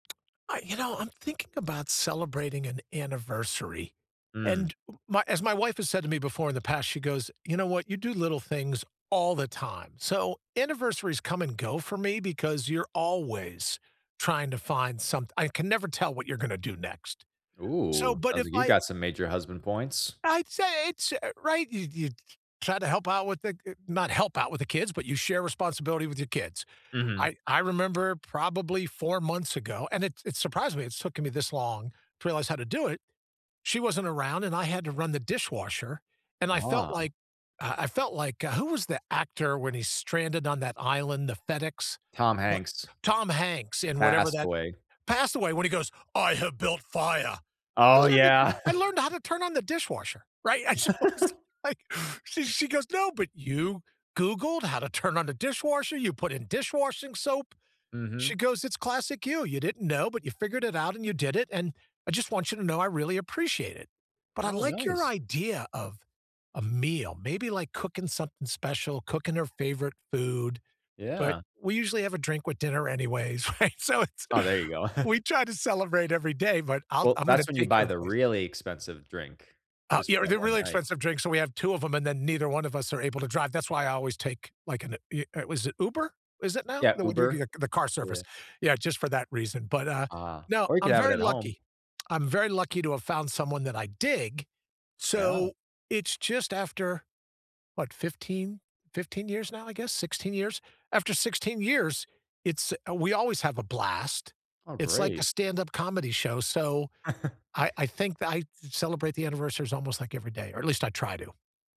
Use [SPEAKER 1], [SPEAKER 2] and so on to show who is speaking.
[SPEAKER 1] I you know, I'm thinking about celebrating an anniversary,
[SPEAKER 2] Mm.
[SPEAKER 1] and my as my wife has said to me before in the past, she goes, you know what, you do little things all the time. So, anniversaries come and go for me because you're always trying to find some I can never tell what you're gonna do next. So,
[SPEAKER 2] Oh,
[SPEAKER 1] but
[SPEAKER 2] sounds
[SPEAKER 1] if
[SPEAKER 2] like you
[SPEAKER 1] I
[SPEAKER 2] got some major husband points.
[SPEAKER 1] I'd say it's, eh right. You you try to help out with the eh, not help out with the kids, but you share responsibility with your kids.
[SPEAKER 2] Mhm.
[SPEAKER 1] I I remember probably 4 months ago, and it it surprised me, it's taken me this long to realize how to do it. She wasn't around and I had to run the dishwasher, and I felt
[SPEAKER 2] Ah.
[SPEAKER 1] like, uh, I felt like, uh, who was the actor when he's stranded on that island, the FedEx,
[SPEAKER 2] Tom
[SPEAKER 1] pl
[SPEAKER 2] Hanks.
[SPEAKER 1] Tom Hanks and whatever that
[SPEAKER 2] Castaway.
[SPEAKER 1] passed away when he goes, "I have built fire." I
[SPEAKER 2] Oh,
[SPEAKER 1] learned it,
[SPEAKER 2] yeah.
[SPEAKER 1] I learned how to turn on the dishwasher, right? And so I was like, she she goes, "No, but you googled how to turn on the dishwasher, you put in dish-washing soap."
[SPEAKER 2] Mhm.
[SPEAKER 1] She goes, it's classic you. You didn't know, but you figured it out and you did it, and I just want you to know I really appreciate it. But I
[SPEAKER 2] Oh,
[SPEAKER 1] like your
[SPEAKER 2] nice.
[SPEAKER 1] idea of a meal. Maybe like cooking something special, cooking her favorite food, but
[SPEAKER 2] Yeah.
[SPEAKER 1] we usually have a drink with dinner anyways, right? So it's,
[SPEAKER 2] Oh, there you go.
[SPEAKER 1] we try to celebrate every day, but I'll
[SPEAKER 2] Well,
[SPEAKER 1] I'm gonna
[SPEAKER 2] that's when you
[SPEAKER 1] take
[SPEAKER 2] buy
[SPEAKER 1] your
[SPEAKER 2] the
[SPEAKER 1] advice.
[SPEAKER 2] really expensive drink,
[SPEAKER 1] Uh,
[SPEAKER 2] just
[SPEAKER 1] yeah,
[SPEAKER 2] for that
[SPEAKER 1] they're
[SPEAKER 2] one
[SPEAKER 1] really
[SPEAKER 2] night.
[SPEAKER 1] expensive drinks, so we have 2 of 'em and then neither one of us are able to drive. That's why I always take like an eh, er was it Uber? Is it now?
[SPEAKER 2] Yeah,
[SPEAKER 1] The
[SPEAKER 2] Uber,
[SPEAKER 1] w the car service?
[SPEAKER 2] yeah.
[SPEAKER 1] Yeah, just for that reason. But, uh,
[SPEAKER 2] Uh,
[SPEAKER 1] no,
[SPEAKER 2] or you
[SPEAKER 1] I'm
[SPEAKER 2] could have it
[SPEAKER 1] very
[SPEAKER 2] at home.
[SPEAKER 1] lucky. I'm very lucky to have found someone that I dig.
[SPEAKER 2] Yeah.
[SPEAKER 1] So, it's just after what, 15, 15 years now, I guess, 16 years. After 16 years, it's we always have a blast.
[SPEAKER 2] Oh,
[SPEAKER 1] It's like a
[SPEAKER 2] great.
[SPEAKER 1] stand-up comedy show, so, I I think that I celebrate the anniversaries almost like every day, or at least I try to.